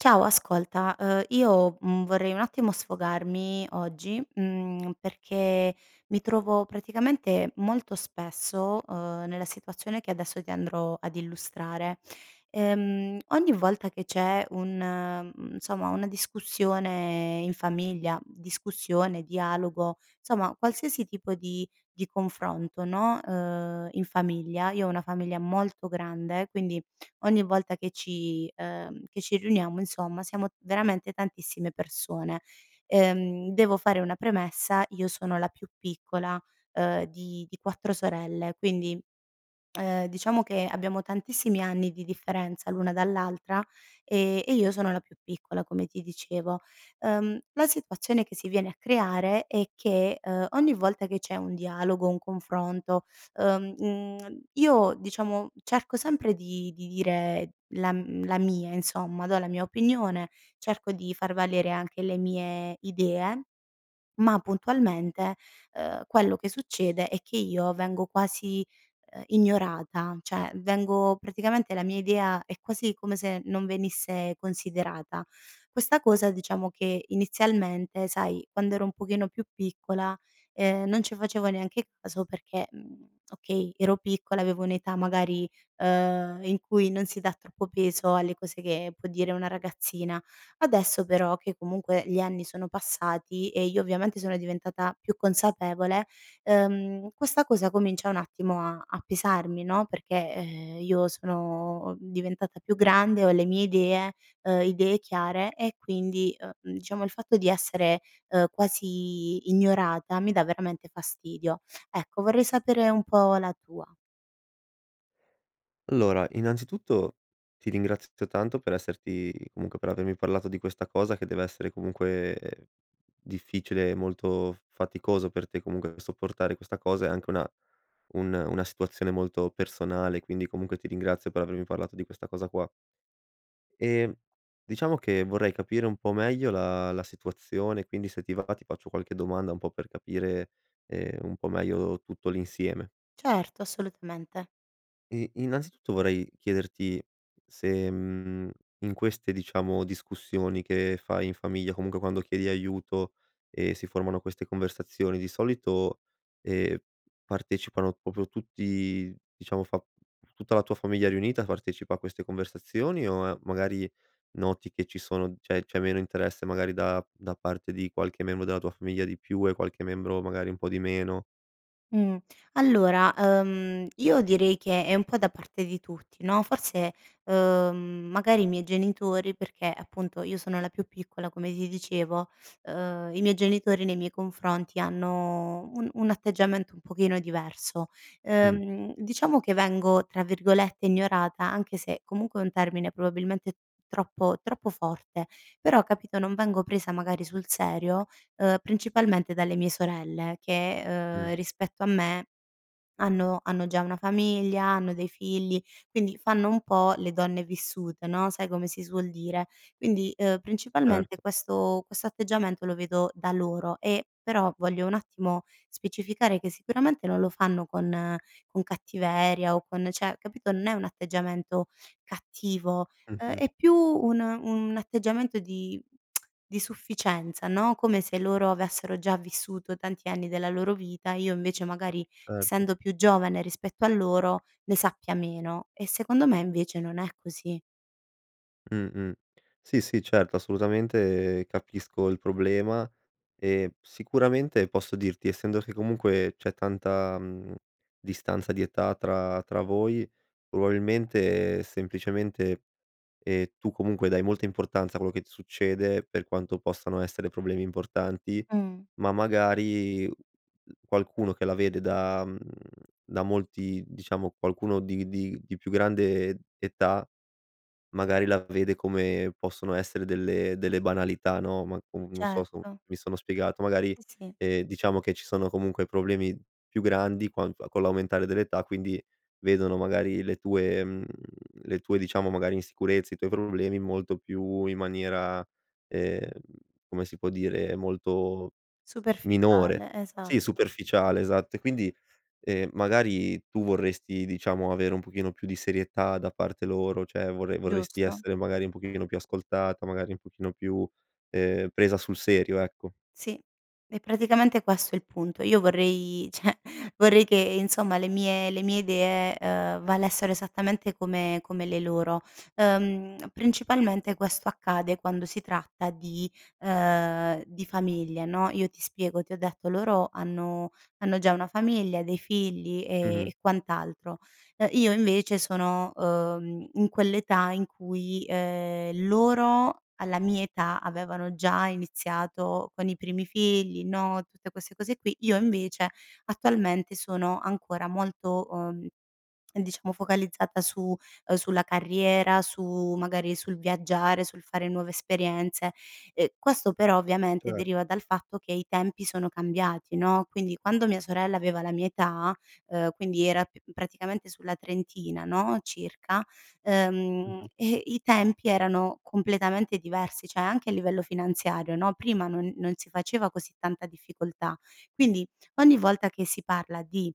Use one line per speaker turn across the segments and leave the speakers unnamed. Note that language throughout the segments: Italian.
Ciao ascolta, ehm, io, mhmm, vorrei un attimo sfogarmi oggi, mhmm, perché mi trovo praticamente molto spesso, uhm, nella situazione che adesso ti andrò ad illustrare. Ehm, ogni volta che c'è un mhmm, insomma una discussione in famiglia, discussione, dialogo, insomma qualsiasi tipo di di confronto, no, ehm, in famiglia io ho una famiglia molto grande, quindi ogni volta che ci, uhm, che ci riuniamo insomma siamo veramente tantissime persone. Ehm, devo fare una premessa, io sono la più piccola, uhm, di di 4 sorelle quindi, uhm, diciamo che abbiamo tantissimi anni di differenza l'una dall'altra, ehm, e io sono la più piccola come ti dicevo. Uhm, la situazione che si viene a creare è che, uhm, ogni volta che c'è un dialogo, un confronto, uhm, mhmm, io diciamo cerco sempre di di dire la m la mia, insomma, do la mia opinione, cerco di far valere anche le mie idee, ma puntualmente, uhm, quello che succede è che io vengo quasi, uhm, ignorata cioè, vengo praticamente la mia idea è quasi come se non venisse considerata. Questa cosa, diciamo, che inizialmente, sai, quando ero un pochino più piccola, ehm, non ci facevo neanche caso perché, mhmm, okay, ero piccola avevo un'età magari, uhm, in cui non si dà troppo peso alle cose che può dire una ragazzina; adesso, però che comunque gli anni sono passati e io, ovviamente, sono diventata più consapevole, uhm, questa cosa comincia un attimo a a pesarmi, no, perché, eh, io sono diventata più grande, ho le mie idee, uhm, idee chiare e quindi, uhm, diciamo il fatto di essere, uhm, quasi ignorata mi dà veramente fastidio. Ecco, vorrei sapere un po' la tua.
Allora, innanzitutto ti ringrazio t tanto per esserti comunque per avermi parlato di questa cosa che dev'essere comunque difficile e molto f faticoso per te, comunque, sopportare questa cosa è anche una un una situazione molto personale. Quindi, comunque, ti ringrazio per avermi parlato di questa cosa qua. E diciamo che vorrei capire un po' meglio la la situazione; quindi se ti va va ti faccio qualche domanda un po' per capire, ehm, un po' meglio tutto l'insieme.
Certo, assolutamente.
E innanzitutto, vorrei chiederti se, mhmm, in queste, diciamo, discussioni che fai in famiglia, comunque quando chiedi aiuto e si formano queste conversazioni, di solito, ehm, partecipano proprio tutti, diciamo, fa tutta la tua famiglia riunita partecipa a queste conversazioni? O magari noti che ci sono cioè, c'è meno interesse, magari da da parte di qualche membro della tua famiglia di più, e qualche membro magari un po' di meno?
Mh, allora, uhm, io direi che è un po' da parte di tutti no, forse, uhm, magari i miei genitori perché appunto io sono la più piccola, come ti dicevo, uhm, i miei genitori nei miei confronti hanno un un atteggiamento un pochino diverso.
Mh.
Ehm, diciamo che vengo tra virgolette "ignorata" anche se, comunque è un termine probabilmente troppo troppo forte, però, capito, non vengo presa magari sul serio, uhm, principalmente dalle mie sorelle che,
Mh.
uhm, rispetto a me hanno hanno già una famiglia, hanno dei figli, quindi fanno un po' le donne vissute no, sai come si suol dire. Quindi, uhm, principalmente
Erto.
questo questo atteggiamento lo vedo da loro, e, però, voglio un attimo specificare che sicuramente non lo fanno con con cattiveria o con cioè capito, n è un atteggiamento cattivo, uhm,
Mh-mh.
è più un un atteggiamento di di sufficienza, no, come se loro avessero già vissuto, tanti anni della loro vita, io invece, magari,
Certo.
essendo più giovane rispetto a loro, ne sappia meno e secondo me, invece non è così.
Mh-mh, sì, sì, certo, assolutamente, capisco il problema, e sicuramente posso dirti, essendo che comunque c'è tanta, mhmm, distanza di età tra tra voi, probabilmente semplicemente e tu comunque dai molta importanza a quello che ti succede, per quanto possano essere problemi importanti,
Mh.
ma magari u qualcuno che la vede da mhmm, da molti diciamo qualcuno di di di più grande età, magari la vede come possono essere delle delle banalità no, ma comu non so so
Certo.
mi sono spiegato, magari,
Sì.
ehm, diciamo che ci sono comunque problemi più grandi, quanto con l'aumentare dell'età, quindi vedono magari le tue, mhmm, le tue, diciamo, magari, insicurezze, i tuoi problemi molto più in maniera ehm, come si può dire? Molto minore.
Superficiale,
Sì,
esatto.
superficiale, esatto e quindi, ehm, magari tu vorresti, diciamo, avere un pochino più di serietà da parte loro? Cioè vorre vorresti
Giusto.
essere, magari, un pochino più ascoltata? Magari un pochino più, ehm, presa sul serio? Ecco.
Sì, è praticamente questo il punto. Io vorrei cioè vorrei che insomma le mie le mie idee, uhm, valessero esattamente come come le loro. Uhm, principalmente questo accade quando si tratta di ehm, di famiglia, no, io ti spiego ti ho detto loro hanno hanno già una famiglia, dei figli e
Mh-mh.
e quant'altro. Uhm, io invece sono, uhm, in quell'età in cui ehm, loro, alla mia età avevano già iniziato con i primi figli, no, tutte queste cose qui, io invece attualmente sono ancora molto, uhm, diciamo focalizzata su uhm, sulla carriera, su magari sul viaggiare, sul fare nuove esperienze, ehm, questo però, ovviamente,
Cer
deriva dal fatto che i tempi sono cambiati no, quindi quando mia sorella aveva la mia età, uhm, quindi era p praticamente sulla trentina, no, circa, ehm,
Mh-mh.
e i tempi erano completamente diversi, cioè anche a livello finanziario no, prima non non si faceva così tanta difficoltà. Quindi ogni volta che si parla di: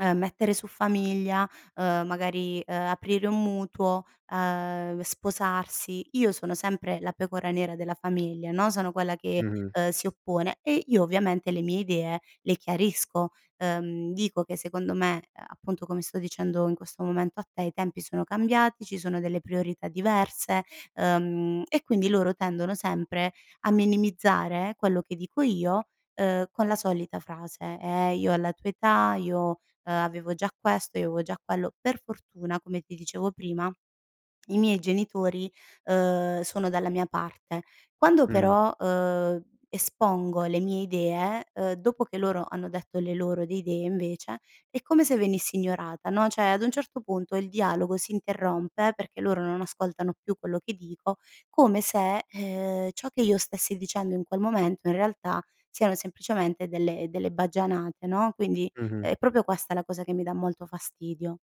ehm, mettere su famiglia, uhm, magari, uhm, aprire un mutuo, uhm, sposarsi, io sono sempre la pecora nera della famiglia, no. Sono quella che,
Mh-mh.
uhm, si oppone e io ovviamente le mie idee le chiarisco, uhm, dico che secondo me, uhm, appunto, come sto dicendo in questo momento a te, i tempi sono cambiati, ci sono delle priorità diverse, uhm, e quindi loro tendono sempre a minimizzare quello che dico io, uhm, con la solita frase: "Eh io alla tua età... io, uhm, avevo già questo, io avevo già quello." Per fortuna, come ti dicevo prima, i miei genitori, uhm, sono dalla mia parte. Quando
Mh-mh.
però, uhm, espongo le mie idee, uhm, dopo che loro hanno detto le loro di idee invece, è come se venisse ignorata no, cioè ad un certo punto il dialogo si interrompe, perché loro non ascoltano più quello che dico, come se, ehm, ciò che io stessi dicendo in quel momento, in realtà, siano semplicemente delle delle baggianate no, quindi
Mh-mh.
è proprio questa la cosa che mi dà molto fastidio.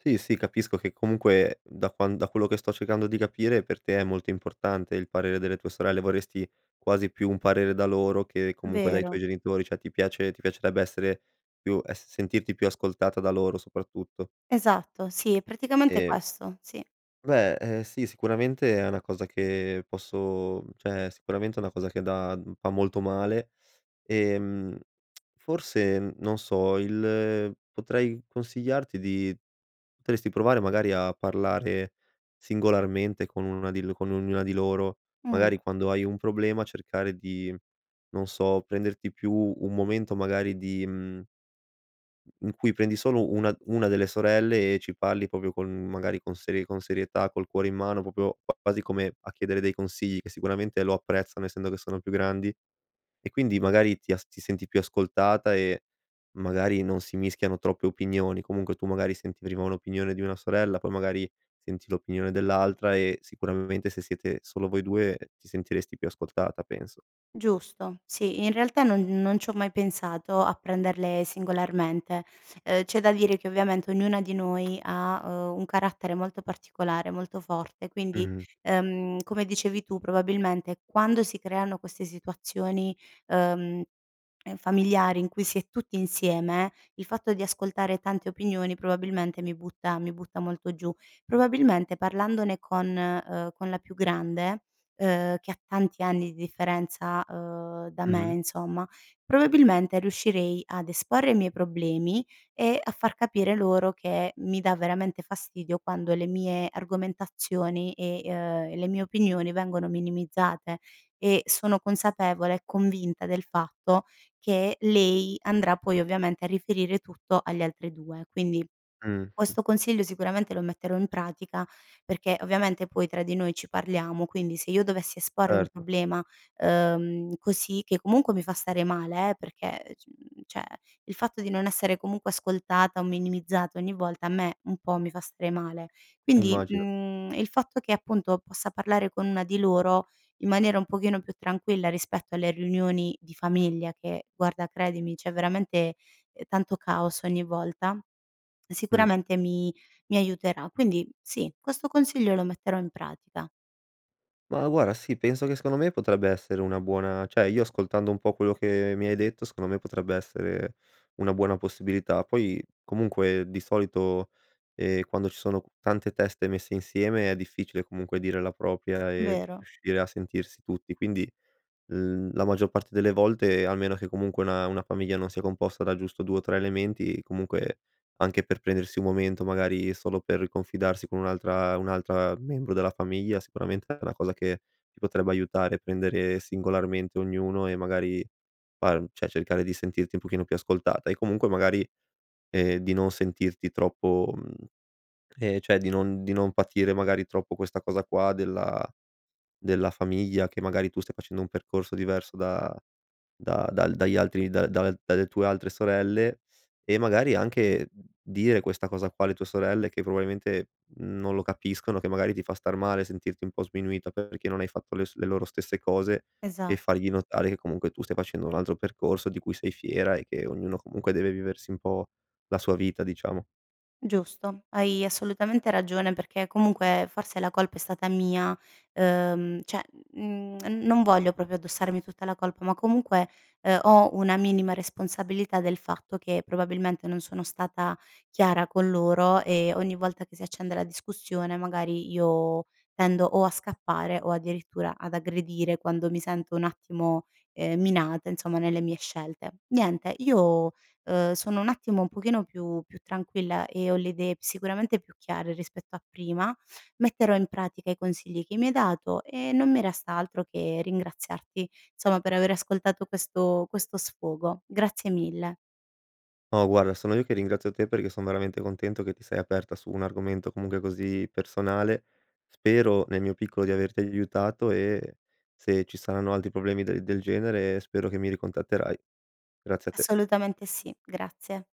Sì, sì, capisco che comunque da quan da quello che sto cercando di capire, per te è molto importante il parere delle tue sorelle, vorresti quasi più un parere da loro che, comunque, dai tuoi
Vero.
genitori, cioè ti piace ti piacerebbe essere più es sentirti più ascoltata da loro, soprattutto.
Esatto, sì, è praticamente
Ehm
questo, sì.
Beh, ehm, sì, sicuramente è una cosa che posso, mhmm, cioè sicuramente è una cosa che da mhmm, fa molto male, e, mhmm, forse, n non so, il potrei consigliarti di potresti provare magari a parlare singolarmente con 1 di l con ognuna di loro,
Mh.
magari quando hai un problema, cercare di, non so, prenderti più un momento magari di mhmm, in cui prendi solo una una delle sorelle, e ci parli proprio con magari, con serie con serietà, col cuore in mano, proprio q quasi come a chiedere dei consigli, che sicuramente lo apprezzano, essendo che sono più grandi, e quindi magari ti as ti senti più ascoltata, e magari non si mischiano troppe opinioni. Comunque tu, magari, senti prima un'opinione di una sorella, poi magari senti l'opinione dell'altra e sicuramente se siete solo voi 2, ti sentiresti più ascoltata, penso.
Giusto. Sì, in realtà non non c'ho mai pensato, a prenderle singolarmente. Uhm, c'è da dire che ovviamente ognuna di noi ha, uhm, un carattere molto particolare, molto forte quindi,
Mh-mh.
ehm, come dicevi tu probabilmente quando si creano queste situazioni, uhm, ehm, familiari, in cui si è tutti insieme, il fatto di ascoltare tante opinioni probabilmente mi butta mi butta molto giù. Probabilmente parlandone con, uhm, con la più grande, uhm, che ha tanti anni di differenza, uhm, da me
Mh-mh.
insomma, probabilmente riuscirei ad esporre i miei problemi e a far capire loro che mi dà veramente fastidio, quando le mie argomentazioni e uhm, e le mie opinioni vengono minimizzate, e sono consapevole e convinta del fatto che lei andrà poi, ovviamente, a riferire tutto alle altre 2. Quindi,
Mh, mh.
questo consiglio sicuramente lo metterò in pratica, perché ovviamente poi tra di noi ci parliamo, quindi se io dovessi esporre un
Erto.
problema, uhm, così, che comunque mi fa stare male, perché c cioè, il fatto di non essere comunque ascoltata o minimizzata ogni volta, a me, un po', mi fa stare male. Quindi,
Immagino.
mhmm, il fatto che appunto possa parlare con 1 di loro, in maniera un pochino più tranquilla, rispetto alle riunioni di famiglia, che guarda, credimi, c'è veramente, ehm, tanto caos ogni volta,
Mh.
sicuramente mi mi aiuterà. Quindi sì, questo consiglio lo metterò in pratica.
Ma guarda, sì, penso che secondo me potrebbe essere una buona cioè io ascoltando un po' quello che mi hai detto, secondo me potrebbe essere una buona possibilità. Poi comunque, di solito, ehm, quando ci sono tante teste messe insieme, è difficile comunque dire la propria e
Vero.
riuscire a sentirsi tutti. Quindi l la maggior parte delle volte, almeno che comunque una una famiglia non sia composta da giusto 2 o 3 elementi, comunque, anche per prendersi un momento magari solo per confidarsi con un'altra un'altra membro della famiglia, sicuramente è una cosa che ti potrebbe aiutare. Prendere singolarmente ognuno e, magari, far cioè cercare di sentirti un pochino più ascoltata e comunque, magari, ehm, di non sentirti troppo mhmm, ehm, cioè di non di non patire, magari troppo, questa cosa qua della della famiglia, che magari tu stai facendo un percorso diverso, da da dal dagli altri dal dal dalle tue altre sorelle, e magari anche dire questa cosa qua alle tue sorelle, che probabilmente non lo capiscono, che magari ti fa star male, sentirti un po' sminuita, perché non hai fatto le s le loro stesse cose, e
Esat
fargli notare che comunque tu stai facendo un altro percorso, di cui sei fiera, e che ognuno comunque deve viversi un po' la sua vita, diciamo.
Giusto. Hai assolutamente ragione, perché comunque forse la colpa è stata mia, uhm, cioè n n non voglio proprio addossarmi tutta la colpa, ma comunque, ehm, ho una minima responsabilità del fatto che, probabilmente, non sono stata chiara con loro, e ogni volta che si accende la discussione magari io tendo, o a scappare, o addirittura ad aggredire, quando mi sento un attimo, ehm, minata, insomma nelle mie scelte. Niente, io, uhm, sono un attimo, un pochino più più tranquilla, e ho le idee sicuramente più chiare rispetto a prima, metterò in pratica i consigli che mi hai dato, e non mi resta altro che ringraziarti, insomma, per aver ascoltato questo questo sfogo. Grazie mille.
No guarda, sono io che ringrazio te, perché son veramente contento, che ti sei aperta su un argomento comunque così personale, spero, nel mio piccolo, di averti aiutato e se ci saranno altri problemi del del genere, spero che mi ricontatterai. Grazie a te.
Assolutamente sì. Grazie.